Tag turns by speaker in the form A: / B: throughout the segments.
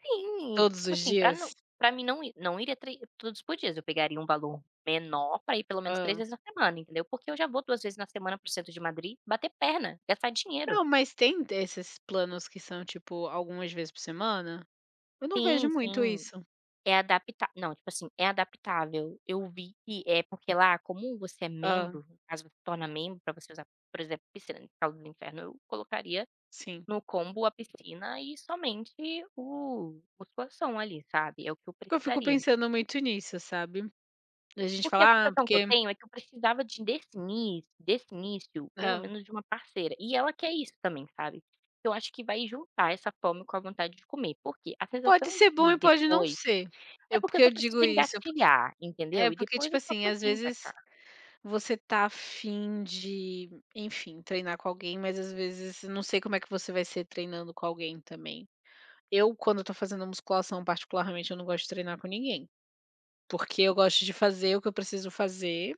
A: Sim,
B: Todos
A: tipo
B: os
A: assim, para
B: dias?
A: não para mim não ir não iria trê tudo isso por dias, eu
B: a
A: pegaria um valor menor para ir pelo menos 3
B: Hã.
A: vezes na semana, entendeu, porque eu já vou 2 vezes na semana para o centro de Madrid bater perna, gastar dinheiro.
B: Não, mas tem desses planos que são, tipo, algumas vezes por semana? Eu não vejo
A: Sim,
B: muito
A: sim,
B: isso.
A: é adaptá Não, tipo assim, é adaptável, eu vi que é porque lá, como você é
B: Hã.
A: membro, caso você se torna membro para você usar, por exemplo, piscina, [unintelligible] eu colocaria
B: Sim.
A: no combo a piscina e somente o musculação ali, sabe, é o que eu
B: Porque eu fico
A: precisaria.
B: pensando muito nisso, sabe? A gente
A: Porque a
B: fala: "Ah,
A: sensação que eu
B: porque"
A: tenho é que eu precisava de desse início desse início, pelo
B: É.
A: menos de uma parceira e ela quer isso também, sabe? Eu acho que vai juntar essa fome com a vontade de comer. Por quê? A
B: Pode
A: sensação
B: ser bom
A: de
B: e pode não
A: depois
B: ser.
A: É
B: Eu por
A: porque eu
B: que
A: só
B: eu digo
A: preciso
B: isso? É porque
A: engatilhar,
B: é
A: entendeu, e
B: porque,
A: depois
B: tipo
A: eu
B: assim,
A: posso
B: às
A: vim para
B: vezes,
A: cá.
B: você tá a fim de, enfim, treinar com alguém, mas às vezes não sei como é que você vai ser treinando com alguém também. Eu, quando eu tô fazendo musculação, particularmente, eu não gosto de treinar com ninguém. Porque eu gosto de fazer o que eu preciso fazer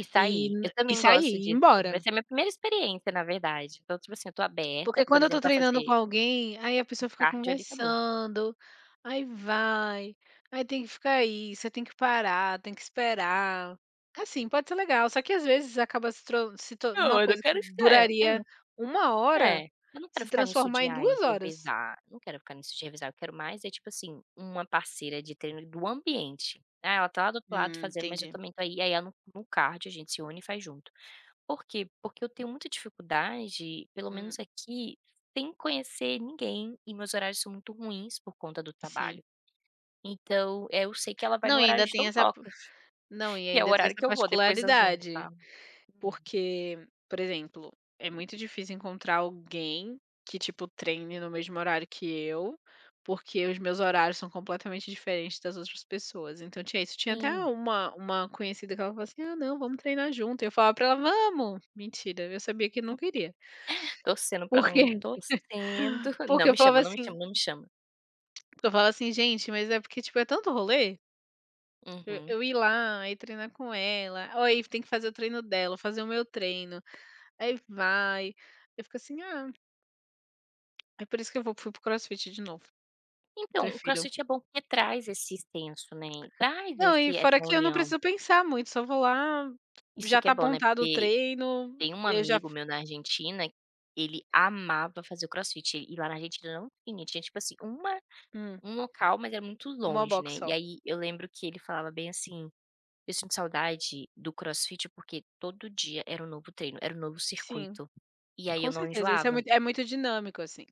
A: E
B: e
A: sair,
B: n
A: eu
B: e
A: também
B: sair,
A: gosto
B: e ir
A: disso, vai
B: embora.
A: ser a minha primeira experiência na verdade, então tipo assim eu estou aberta,
B: Porque
A: por
B: quando eu tô
A: exemplo, para
B: treinando
A: fazer
B: com alguém, aí a
A: um
B: pessoa fica
A: cardio ali e acabou.
B: conversando, aí vai, aí tem que ficar aí, você tem que parar, tem que esperar. Assim, pode ser legal, só que às vezes acaba se tro se to uma
A: Não, eu
B: coisa que
A: quero [unintelligible] É, eu
B: duraria
A: não
B: 1
A: É,
B: hora
A: eu não quero
B: se
A: ficar nisso
B: transformar
A: de
B: em
A: "Ai,
B: 2 horas.
A: revezar", eu não quero ficar nisso de revezar, eu quero mais é, tipo assim, uma parceira de treino de do ambiente. "É, ela tá lá do outro lado
B: Hum.
A: fazendo, mas eu
B: Entendi.
A: também tô aí" e aí ela no no cardio a gente se une e faz junto. Por quê? Porque eu tenho muita dificuldade, pelo menos
B: Hum.
A: aqui, sem conhecer ninguém e meus horários são muito ruins por conta do trabalho.
B: Sim.
A: Então, eh, eu sei que ela vai no
B: Não e
A: horário
B: ainda
A: de
B: tem essa p
A: dondocas,
B: Não e
A: que é o
B: ainda tem
A: horário
B: essa
A: que eu vou depois das 1h,
B: particularidade.
A: tá? Hum.
B: Porque, por exemplo, é muito difícil encontrar alguém que, tipo, treine no mesmo horário que eu, porque os meus horários são completamente diferentes das outras pessoas, então, tinha isso, tinha até
A: Sim.
B: uma uma conhecida que ela falou assim: "Ah, não, vamos treinar junto" e eu falava pra ela: "Vamos." Mentira, viu, eu sabia que nunca iria.
A: Torcendo pra
B: Por
A: não
B: quê?
A: ir. Torcendo, não
B: Porque eu
A: me
B: falava
A: chama, não me
B: assim
A: chama, não me chama.
B: Porque eu falava assim: "Gente, mas é porque, tipo, é tanto rolê" Eh,
A: Uhum.
B: eu ir lá, ir treinar com ela, ó, e tem que fazer o treino dela, fazer o meu treino, aí vai. Aí eu fico assim: "Ah." É por isso que eu vou fui para o Crossfit de novo. Eu
A: Então, o
B: prefiro.
A: Crossfit é bom porque traz esse extenso, né, traz
B: Não e
A: esse
B: fora
A: essa
B: que eu não
A: união.
B: preciso pensar muito, só vou lá,
A: Isso
B: já
A: que é
B: tá
A: bom, né,
B: montado o
A: porque
B: treino,
A: tem um
B: eu já
A: amigo
B: f
A: meu na Argentina, ele amava fazer o Crossfit e lá na Argentina não tinha, tinha, tipo assim, uma
B: Hum.
A: um local, mas é muito
B: 1
A: longe,
B: box
A: né, e
B: só.
A: aí eu lembro que ele falava bem assim: "Eu sinto saudade do Crossfit, porque todo dia era um novo treino, era um novo
B: Sim,
A: circuito, e aí
B: com
A: eu não
B: certeza. Isso é
A: enjoava."
B: muito é muito dinâmico, assim.